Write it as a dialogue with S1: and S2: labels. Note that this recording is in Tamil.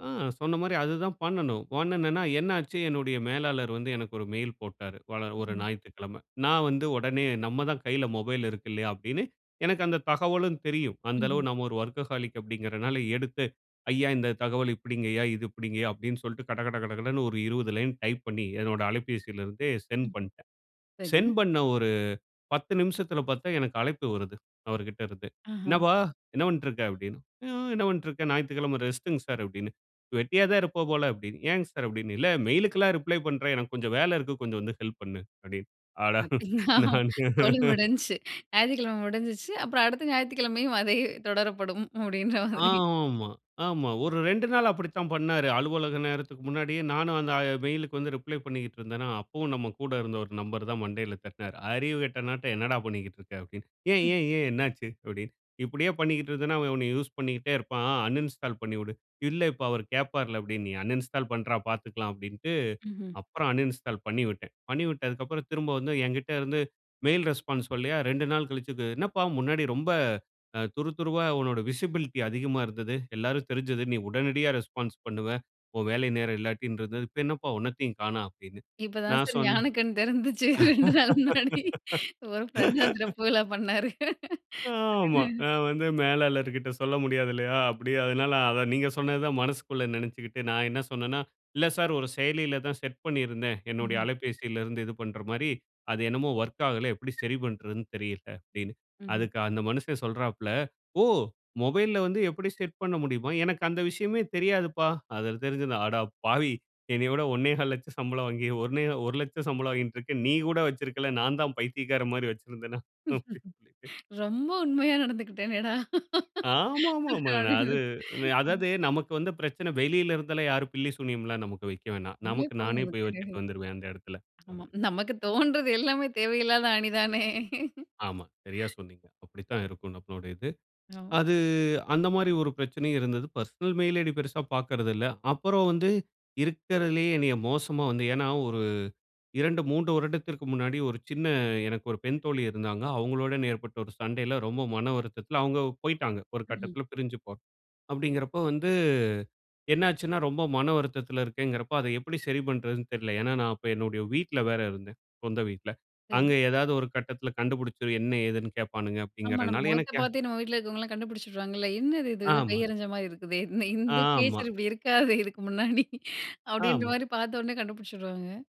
S1: ஆ சொன்ன மாரி அதுதான் பண்ணணும். உடனே என்னென்னா என்னாச்சு என்னுடைய மேலாளர் வந்து எனக்கு ஒரு மெயில் போட்டாரு. ஒரு
S2: ம்.
S1: ஞாயிற்றுக்கிழமை. நான் வந்து உடனே நம்ம தான் கையில மொபைல் இருக்கு இல்லையா அப்படின்னு, எனக்கு அந்த தகவலும் தெரியும். அந்த அளவு
S2: ம்ஹ்ம்.
S1: நம்ம ஒரு வொர்க்கஹாலிக் அப்படிங்கிறனால எடுத்து, "ஐயா இந்த தகவல் இப்படிங்க ஐயா இது இப்படிங்கயா" அப்படின்னு சொல்ட்டு, கடகட கடகடன்னு ஒரு 20 லைன் டைப் பண்ணி, என்னோட அலைபேசில இருந்தே சென்ட்
S2: ம்ஹ்ம்.
S1: பண்ட்டேன்.
S2: சரி.
S1: சென்ட் பண்ண ஒரு 10 நிமிசத்தில பாத்தா, எனக்கு அழைப்பு வருது. அவரு கிட்ட இருந்து,
S2: ஆஹ!
S1: "என்னப்பா என்ன பண்ட்டுருக்க?" அப்டின்னு. ம் ம் என்ன பண்ட்ருக்கேன்? ஞாயித்துக்கிழமை ரெஸ்ட்டுங்க சார் அப்டின்னு. "வெட்டியா தான் இருப்ப போல" அப்டின்னு, "ஏன்ங்க சார்?" அப்டின்னு. "இல்ல மெயிலுக்கெல்லாம் ரிப்ளை பண்ற, எனக்கு கொஞ்சம் வேல இருக்கு, கொஞ்சம் வந்து ஹெல்ப் பண்ணு." அப்டின்னு என்று. அட
S2: அப்டியா
S1: நானு
S2: சோலி முடிஞ்சிச்சு. ஞாயித்துக்கிழமை முடிஞ்சுச்சு. அப்புறம் அடுத்த ஞாயித்துக்கிழமையும் அதையே, "தொடரப்படும்" அப்படின்ற மாதிரி.
S1: ஆமா, ஆமா. ஒரு 2 நாள் அப்படித்தான் பண்ணாரு. அலுவலக நேரத்துக்கு முன்னாடியே, நானும் அந்த மெயிலுக்கு வந்து ரிப்ளை பண்ணிக்ட்ருந்தேனா, அப்பவும் நம்ம கூட இருந்த ஒரு நண்பர் தான் மண்டையில தட்டினாரு. "அறிவு கெட்டவனாட்டம் என்னடா பண்ணிக்கிட்டிருக்க!" அப்படி. "ஏன்
S2: ம்.
S1: ஏன் ஏன் என்னா ஆச்சு?" அப்டின்னு. "இப்படியே பண்ணிக்ட்ருந்தனா, அவன் உன்னை யூஸ் பண்ணிக்கிட்டே இருப்பான். அன்இன்ஸ்டால் பண்ணிவிடு." "இல்லை இப்ப அவரு கேப்பாருல்ல!" அப்படின்னு "நீ அன்இன்ஸ்டால் பண்றா! பாத்துக்கலாம்" அப்படின்ட்டு
S2: ம்ஹ்ம்.
S1: அப்புறம் அன்இன்ஸ்டால் பண்ணிவிட்டேன். பண்ணி விட்டதுக்கு அப்புறம், திரும்ப வந்து என்கிட்ட இருந்து மெயில் ரெஸ்பான்ஸ் சொல்லலையா, 2 நாள் கழிச்சுது "என்னப்பா முன்னாடி ரொம்ப, அ துரு துருவா உன்னுடைய விசிபிலிட்டி அதிகமா இருந்தது. எல்லாருக்கும் தெரிஞ்சது. நீ உடனடியா ரெஸ்பான்ஸ் பண்ணுவ. உன் வேலை நேரம் இல்லாட்டின்றது. இப்ப என்னப் பா ஒன்னத்தையும் காணோம்!" அப்படின்னு.
S2: இப்ப தான்
S1: நான்
S2: சார்
S1: சொன்னேன்
S2: ஞான கண் தெறந்துச்சு. 2 நாள் முன்னாடி ஒரு பிரெண்ட் தான் திறப்புவிழா பண்ணாரு.
S1: ஆமா. நான் வந்து மேலாளர் கிட்ட சொல்ல முடியாது இல்லையா? அப்படி அதனால அதான் நீங்க சொன்னதுதான் மனசுக்குள்ள நெனச்சுக்கிட்டு நான் என்ன சொன்னேன்னா, "இல்லை சார் ஒரு செயலியில தான் செட் பண்ணியிருந்தேன். என்னுடைய
S2: ம்.
S1: அலைபேசியில இருந்து இது பண்ற மாரி, அது என்னமோ வொர்க் ஆகலை. எப்டி சரி பண்ணுறதுன்னு தெரியலை" அப்படின்னு.
S2: ம்ஹ்ம்.
S1: அதுக்கு அந்த மனுஷன் சொல்றாப்ல! "ஓ! மொபைல்ல வந்து எப்படி செட் பண்ண முடியுமா? எனக்கு அந்த விஷயமே தெரியாதுப்பா. அது தெரிஞ்சிருந்தா" அட பாவி என்னைய விட 1,25,000 சம்பளம் வாங்கி ஒண்ணே, 1,00,000 சம்பளம் வாங்கிக்கிட்ருக்க. நீ கூட வச்சிருக்கல. நான் தான் பைத்தியக்காரன் மாரி வச்சிருந்தேனா!
S2: ரொம்ப உண்மையா நடந்துகிட்டேனேடா!
S1: ஆமாமாமா. அது, அதாவது நமக்கு வந்து பிரச்சனை வெளியில இருந்தலாம் யாரும் பில்லி சூனியம் எல்லாம் நமக்கு வைக்க வேணாம்.
S2: உண்மையிலயே
S1: நமக்கு நானே
S2: போதும்
S1: போய்
S2: எனக்கு.
S1: வச்சிட்டு வந்துருவேன். அந்த இடத்தில.
S2: ஆமா. நமக்கு தோண்றது எல்லாமே தேவை இல்லாத அணி தானே.
S1: ஆமா. சரியாக சொன்னீங்க. அப்படித்தான் இருக்கும் நம்மளுடைய இது.
S2: ஆ.
S1: அது அந்த மாரி ஒரு பிரச்சனையும் இருந்தது. பெர்சனல் மெயில் ஐ டி பெரிசா பாக்கிறதில்லை. அப்புறம் வந்து இருக்கிறதிலேயே என்னைய மோசமா வந்து, ஏன்னா ஒரு 2, 3 வருடத்திற்கு முன்னாடி ஒரு சின்ன, எனக்கு ஒரு பெண் தோழி இருந்தாங்க. அவுங்களோட என ஏற்பட்ட ஒரு சண்டையில, ரொம்ப மன வருத்தத்தில அவுங்க போய்ட்டாங்க. ஒரு
S2: ம்ஹ்ம்.
S1: கட்டத்தில பிரிஞ்சு போ அப்படிங்கிறப்ப வந்து, என்னாச்சுன்னா, ரொம்ப மன வருத்தத்தில இருக்கேன்ங்குறப்போ அதை எப்படி சரி பண்றதுன்னு தெரிலை. ஏன்னா, நான் அப்போ என்னுடைய வீட்ல வேற இருந்தேன். சொந்த வீட்ல.
S2: சரி.
S1: அங்கு ஏதாவது ஒரு கட்டத்தில கண்டுபுடிச்சு, என்ன ஏதுன்னு கேப்பானுங்க
S2: ஆமா, நம்ம
S1: அப்படிங்குறதுனால
S2: முகத்தை
S1: எனக்கு யா
S2: பார்த்தே நம்ம வீட்டில இருக்கவங்கலாம் கண்டுபிடிச்சுடுவாங்கல்ல! "என்னது இது? இது
S1: ஆமா.
S2: பேயறஞ்ச மாரி இருக்குதே! இந்த, இந்த
S1: ஆமா.
S2: கிரியேச்சர் இப்படி இருக்காதே இதுக்கு முன்னாடி" அப்படின்ற
S1: ஆமா.
S2: மாரி பாத்த உடனே கண்டுபிடிச்சிருவாங்க.